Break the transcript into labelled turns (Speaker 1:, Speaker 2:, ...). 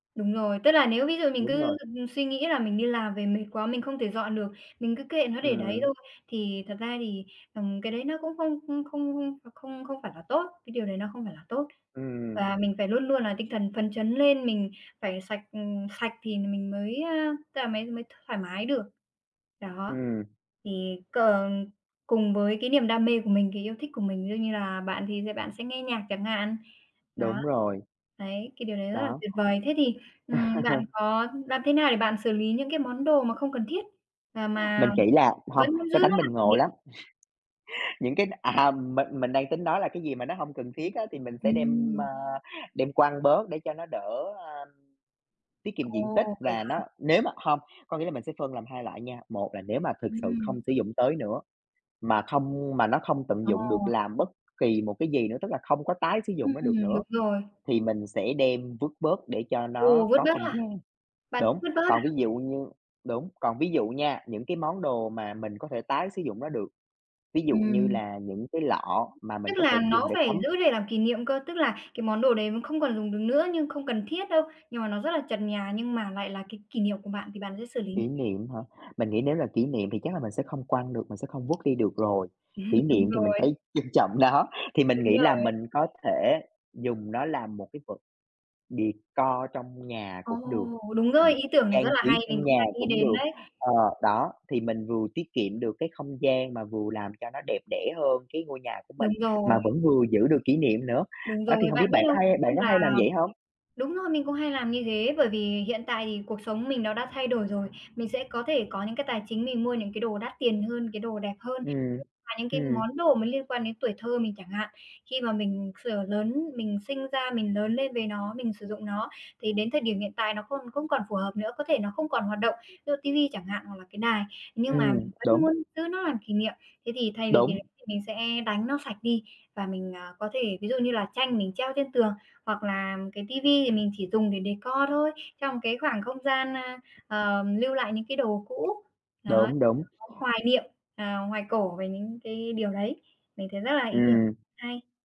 Speaker 1: Đúng rồi, tức là nếu ví dụ mình
Speaker 2: Đúng
Speaker 1: cứ
Speaker 2: rồi.
Speaker 1: suy nghĩ là mình đi làm về mệt quá, mình không thể dọn được, mình cứ kệ nó để đấy
Speaker 2: Ừm.
Speaker 1: thôi, thì thật ra thì, ừm, cái đấy nó cũng không không không không không phải là tốt, cái điều đấy nó không phải là tốt.
Speaker 2: Ừm.
Speaker 1: Và mình phải luôn luôn là tinh thần phấn chấn lên, mình phải sạch sạch thì mình mới, ơ, tức là mới mới thoải mái được. Đó,
Speaker 2: Ừm.
Speaker 1: thì c ờ, cùng với cái niềm đam mê của mình, cái yêu thích của mình, ví dụ như là bạn thì bạn sẽ nghe nhạc chẳng hạn. Đó,
Speaker 2: Đúng rồi.
Speaker 1: đấy, cái điều đấy rất là
Speaker 2: Đó.
Speaker 1: tuyệt vời. Thế thì, ừm, bạn có làm thế nào để bạn xử lý những cái món đồ mà không cần thiết, à,
Speaker 2: Mình
Speaker 1: mà
Speaker 2: chỉ là hông,
Speaker 1: vẫn muốn giữ
Speaker 2: cái
Speaker 1: nó
Speaker 2: tánh mình
Speaker 1: làm kỷ
Speaker 2: ngộ
Speaker 1: niệm?
Speaker 2: lắm. Những cái à, mình mình đang tính nói là cái gì mà nó hông cần thiết á thì mình sẽ đem,
Speaker 1: Ừm.
Speaker 2: ơ, đem quăng bớt để cho nó đỡ, ơ, tiết kiệm diện tích
Speaker 1: Ồ, vậy
Speaker 2: và
Speaker 1: hả?
Speaker 2: nó nếu mà không, có nghĩa là mình sẽ phân làm 2 loại nha, 1 là nếu mà thực sự không
Speaker 1: Ừm.
Speaker 2: sử dụng tới nữa, mà không mà nó không tận dụng được
Speaker 1: Ồ.
Speaker 2: làm bất kỳ một cái gì nữa, tức là không có tái sử dụng
Speaker 1: Ừm,
Speaker 2: nó được nữa
Speaker 1: đúng rồi.
Speaker 2: thì mình sẽ đem vứt bớt để cho
Speaker 1: Ừ,
Speaker 2: nó
Speaker 1: vứt
Speaker 2: có
Speaker 1: bớt
Speaker 2: không
Speaker 1: hả?
Speaker 2: gian.
Speaker 1: Bạn sẽ
Speaker 2: Đúng,
Speaker 1: vứt bớt
Speaker 2: còn
Speaker 1: à?
Speaker 2: ví dụ như đúng, còn ví dụ nha, những cái món đồ mà mình có thể tái sử dụng nó được, ví dụ như
Speaker 1: Ừm.
Speaker 2: là những cái lọ mà mình
Speaker 1: Tức
Speaker 2: có thể
Speaker 1: là nó
Speaker 2: dùng để
Speaker 1: phải
Speaker 2: cắm
Speaker 1: giữ để làm kỷ niệm cơ, tức là cái món đồ đấy không còn dùng được nữa nhưng không cần thiết đâu, nhưng mà nó rất là chật nhà nhưng mà lại là cái kỷ niệm của bạn thì bạn sẽ xử lý như
Speaker 2: Kỷ niệm hả? Mình nghĩ nếu là kỷ niệm thì chắc là mình sẽ không quăng được, mình sẽ không vứt đi được rồi, kỷ
Speaker 1: Đúng
Speaker 2: niệm thì mình
Speaker 1: rồi.
Speaker 2: phải trân trọng nó, thì mình
Speaker 1: Đúng
Speaker 2: nghĩ là
Speaker 1: rồi.
Speaker 2: mình có thể dùng nó làm một cái vật decor trong nhà
Speaker 1: Ồ,
Speaker 2: cũng được,
Speaker 1: đúng rồi,
Speaker 2: ừm,
Speaker 1: ý tưởng này rất
Speaker 2: trang
Speaker 1: là
Speaker 2: trí
Speaker 1: hay, mình
Speaker 2: trong
Speaker 1: cũng
Speaker 2: nhà
Speaker 1: đang nghĩ
Speaker 2: cũng
Speaker 1: đến
Speaker 2: được,
Speaker 1: đấy.
Speaker 2: ờ, đó thì mình vừa tiết kiệm được cái không gian mà vừa làm cho nó đẹp đẽ hơn cái ngôi nhà của mình
Speaker 1: Đúng rồi.
Speaker 2: mà vẫn vừa giữ được kỷ niệm nữa.
Speaker 1: Đúng
Speaker 2: Đó thì
Speaker 1: rồi,
Speaker 2: hông
Speaker 1: bạn
Speaker 2: biết
Speaker 1: biết
Speaker 2: bạn có
Speaker 1: không?
Speaker 2: hay bạn
Speaker 1: Tức
Speaker 2: có
Speaker 1: là
Speaker 2: hay làm vậy hông?
Speaker 1: đúng rồi mình cũng hay làm như thế bởi vì hiện tại thì cuộc sống mình nó đã thay đổi rồi, mình sẽ có thể có những cái tài chính mình mua những cái đồ đắt tiền hơn, cái đồ đẹp hơn.
Speaker 2: Ừm,
Speaker 1: Mà những cái
Speaker 2: ừm.
Speaker 1: món đồ mà liên quan đến tuổi thơ mình chẳng hạn, khi mà mình sửa lớn mình sinh ra mình lớn lên với nó, mình sử dụng nó thì đến thời điểm hiện tại nó còn không còn phù hợp nữa, có thể nó không còn hoạt động, ví dụ ti vi chẳng hạn hoặc là cái đài. Nhưng mà
Speaker 2: Ừm,
Speaker 1: mình vẫn
Speaker 2: đúng.
Speaker 1: muốn giữ nó làm kỷ niệm, thế thì thay vì cái
Speaker 2: Đúng.
Speaker 1: đấy thì mình sẽ đánh nó sạch đi và mình, ờ, có thể ví dụ như là tranh mình treo trên tường, hoặc là cái ti vi thì mình chỉ dùng để decor thôi, trong cái khoảng không gian, a, ờ, lưu lại những cái đồ cũ, đó
Speaker 2: Đúng, đúng.
Speaker 1: [unintelligible] hoài niệm, ờ, hoài cổ về những cái điều đấy, mình thấy rất là ý tưởng
Speaker 2: Ừm.
Speaker 1: hay.